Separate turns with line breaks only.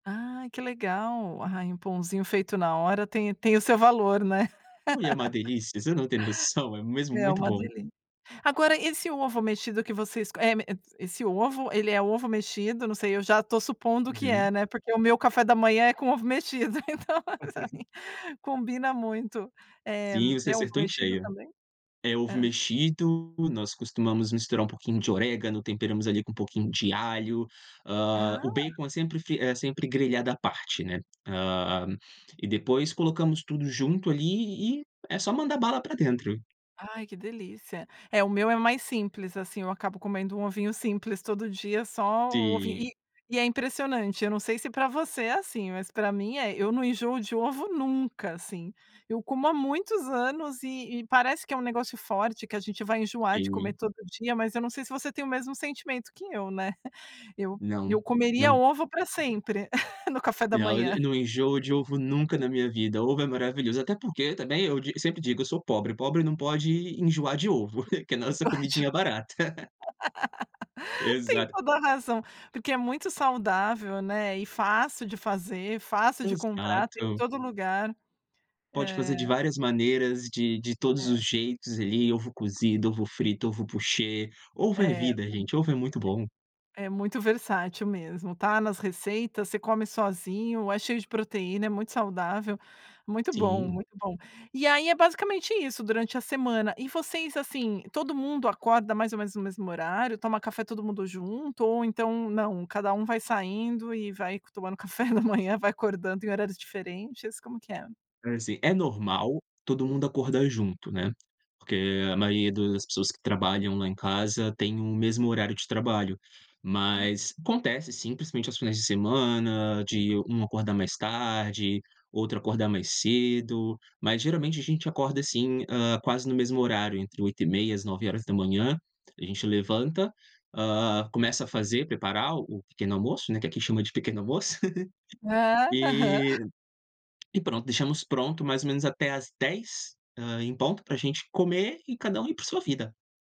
Ai que legal. Ai, um pãozinho feito na hora tem tem o seu valor né?
Ui, é uma delícia, você não tem noção. É mesmo
É
muito
uma
bom.
delícia. Agora, esse ovo mexido que vocês, eh m esse ovo, ele é ovo mexido? Não sei, eu já estou supondo que é,
Uhum.
né, porque o meu café da manhã é com ovo mexido então, [unintelligible] combina muito. Eh,
Sim, você
é ovo
acertou em
mexido
cheio.
também?
É ovo
Hã.
mexido. Nós costumamos misturar um pouquinho de orégano, temperamos ali com um pouquinho de alho, hã, o
Ah.
bacon é sempre f é sempre grelhado à parte, né, hã, e depois colocamos tudo junto ali e é só mandar bala pra dentro.
Ai, que delícia. É, o meu é mais simples, assim, eu acabo comendo um ovinho simples todo dia só o ovinho
Sim.
e e é impressionante. Eu não sei se pra você é assim, mas pra mim é, eu não enjoo de ovo nunca, assim, eu como há muitos anos e e parece que é um negócio forte, que a gente vai enjoar de comer
Sim.
todo dia, mas eu não sei se você tem o mesmo sentimento que eu, né. Eu
Não,
eu comeria
não
ovo pra sempre no café da
Olha,
manhã.
não enjoo de ovo nunca na minha vida. Ovo é maravilhoso, até porque também eu di sempre digo: eu sou pobre, pobre não pode enjoar de ovo,
[unintelligible]
que é nossa comidinha barata.
Tem
Exato.
toda razão, porque é muito saudável, né, e fácil de fazer, fácil de comprar, tem em
Exato.
todo lugar.
Pode
É
fazer de várias maneiras, de de todos
É.
os jeitos ali, ovo cozido, ovo frito, ovo poché, ovo é
É, [unintelligible]
vida gente, ovo é muito bom.
é muito versátil mesmo. Tá nas receitas, você come sozinho, é cheio de proteína, é muito saudável, muito bom,
Sim.
muito bom. E aí, é basicamente isso durante a semana. E vocês, assim, todo mundo acorda mais ou menos no mesmo horário, toma café todo mundo junto ou então, não, cada um vai saindo e vai tomando café da manhã, vai acordando em horários diferentes, como que é?
Assim, é normal todo mundo acordar junto, né, porque a maioria das pessoas que trabalham lá em casa tem o mesmo horário de trabalho.
Tá.
Mas acontece, sim, principalmente aos finais de semana, de um acordar mais tarde, outro acordar mais cedo. Mas, geralmente, a gente acorda, assim, hã, quase no mesmo horário, entre 8:30, às 9:00. A gente levanta, hã, começa a fazer preparar o pequeno almoço, né, que aqui chama de pequeno almoço,
Ah, aham.
e e pronto, deixamos pronto mais ou menos até às 10:00, hã, em ponto pra gente comer e cada um ir pra sua vida.